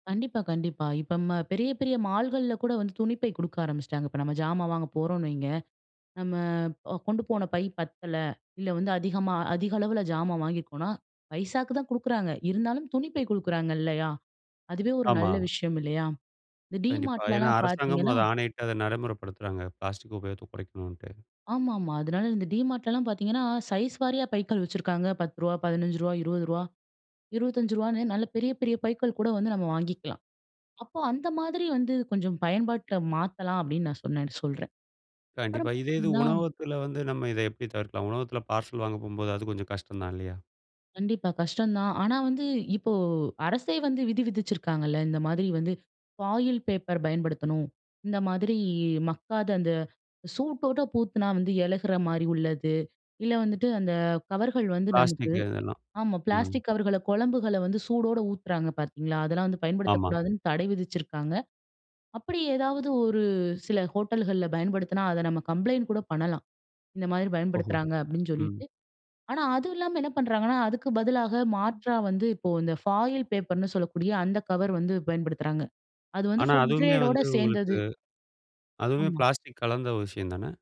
கண்டிப்பா, கண்டிப்பா. இப்ப ம் பெரிய, பெரிய மால்கள்ல கூட வந்து துணிப்பை கொடுக்க ஆரம்பிச்சுட்டாங்க. இப்ப நம்ம ஜாமா வாங்க போறோம் வைங்க, நம்ம அ கொண்டு போன பை பத்தல இல்ல, வந்து அதிகமா அதிக அளவுல ஜாமான் வாங்கியிருக்கோனா, பைசாக்கு தான் குடுக்குறாங்க. இருந்தாலும் துணிப்பை குடுக்குறாங்க இல்லயா! அதுவே ஒரு ஆமா. நல்ல விஷயம் இல்லயா! இந்த கண்டிப்பா. டீமார்ட் ஏன்னா லலாம் அரசாங்கமும் பாத்தீங்கன்னா அத ஆணையிட்டு அத நடைமுறப்படுத்துறாங்க. பிளாஸ்டிக் உபயோகத்த குறைக்கணுன்ட்டு. ஆமாமா. அதனால இந்த டிமார்ட்லலாம் பாத்தீங்கன்னா, சைஸ் வாரியா பைக்கள் வச்சிருக்காங்க. ரூ.10 ரூ.15, ரூ.20, ரூ.25 நல்ல பெரிய, பெரிய பைகள் கூட வந்து நம்ம வாங்கிக்கலாம். அப்ப அந்த மாதிரி வந்து கொஞ்சம் பயன்பாட்ல மாத்தலாம் அப்பிடின்னு நான் சொன்னேன்னு சொல்றன். அப்பறம் கண்டிப்பா. இதே இது பாத்தீங்கன்னா உணவகத்துல வந்து நம்ம இத எப்பிடி தவிர்க்கலாம்? உணவகத்துல பார்சல் வாங்க போகும்போது அது கொஞ்சம் கஷ்டம் தான் இல்லயா! கண்டிப்பா. கஷ்டந்தான். ஆனா வந்து இப்போ அரசே வந்து விதி விதிச்சிருக்காங்கல்ல. இந்த மாதிரி வந்து ஃபாயில் பேப்பர் பயன்படுத்தணும். இந்த மாதிரி மக்காத அந்த சூட் போட்டு பூத்துனாம் வந்து இழகுற மாதிரி உள்ளது. இல்ல வந்துட்டு அந்த கவர்கள் வந்து நமக்கு பிளாஸ்டிக் இதெல்லாம். ஆமா ம். பிளாஸ்டிக் கவர்கள குழம்புகள வந்து சூடோட ஊத்துறாங்க பாத்தீங்களா, அதெல்லாம் வந்து ஆமா. பயன்படுத்தக்கூடாதுன்னு தடை விதிச்சிருக்காங்க. அப்பிடி ஏதாவது ஒரு சில ஹோட்டல்கள்ல பயன்படுத்துனா, அத நம்ம கம்ப்ளைண்ட் கூட பண்ணலாம். "இந்த மாரி ஓஹோ! பயன்படுத்துறாங்க" அப்பிடின்னு ம். சொல்லிட்டு, ஆனா அதுவும் இல்லாம என்ன பண்றாங்கனா, அதுக்கு பதிலாக மாற்றா வந்து இப்போ இந்த ஃபாயில் பேப்பர்னு சொல்லக்கூடிய அந்த கவர் வந்து பயன்படுத்துறாங்க. அது வந்து ஆனா ஃபுட் அதுவுமே க்ரேட் ஓட வந்து உங்களுக்கு சேந்தது. அதுவுமே ஆமா. பிளாஸ்டிக் கலந்த ஒரு விஷயந்தான.